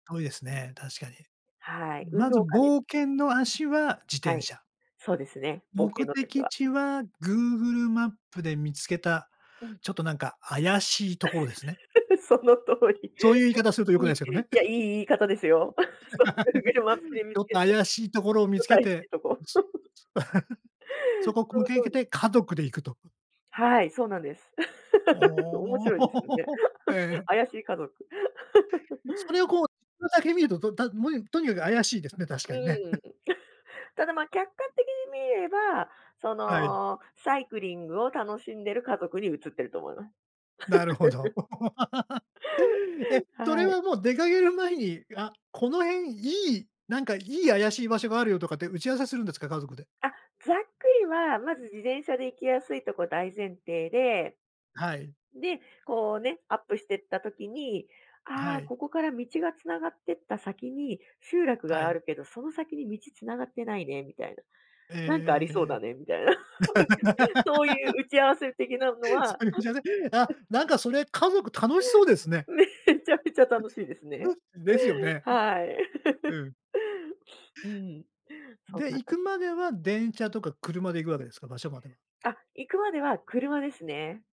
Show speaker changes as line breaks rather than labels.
遠いですね、確かに。
はい、運
まず
動家です。
冒険の足は自
は
転
い。
車。
そうですね、冒険
目
の時
的
は。
地はグーグルマップで見つけた、
うん。
ちょっとなんか怪しいところですね。
その通り。
そういう言い方すると
[unintelligible]
良く
い
な
い、
い
い
ですけどね。
や、いい言い方ですよ。そ、グーグルマップ で見
ち
つ
ょっと
けた、ち
怪しいところを見
ょっ
つ
と
け
怪し
て。
いとこ。
そこく
そ
向
の
けい
通
け
り。
て、家族で行くと。
はい、そうなんです。面
お
白いですよね。
お。え え。
怪しい家族。
え、そ れをこうそれだけ見ると、どだもえんとにかく怪しいですね、確
う
かにね。
ーん。ただま、客観的に見れば、そ
はい。
の、サイクリングを楽しんでる家族に映ってると思います。
なるほど。え、それ
はい。
はもう出かける前に、「あ、この辺いい。なんか、いい怪しい場所があるよ」とかって打ち合わせするんですか、家族で。
あ、ざっくりは、まず自転車で行きやすいとこ大前提で。
はい。
で、こうね、アップしてった時に、
あ、は
「ああ、
い。
ここから道が繋がってった先に集落
は
があ
い。
るけど、その先に道繋がってないね」みたいな。
ええ
「なんかありそう
ええ
だね」みたいな。
ええ。
そういう 打ち合わせ的なの
そ
は
ういうんじゃない。あ、なんか、それ、家族楽しそうですね。
めちゃめちゃ楽しいですね。
ですよね。
はい。
うん。
うーん。そん
で、
な
行
かん
くまでは、電車とか車で行くわけですか、場所までは？
あ、行くまでは車ですね。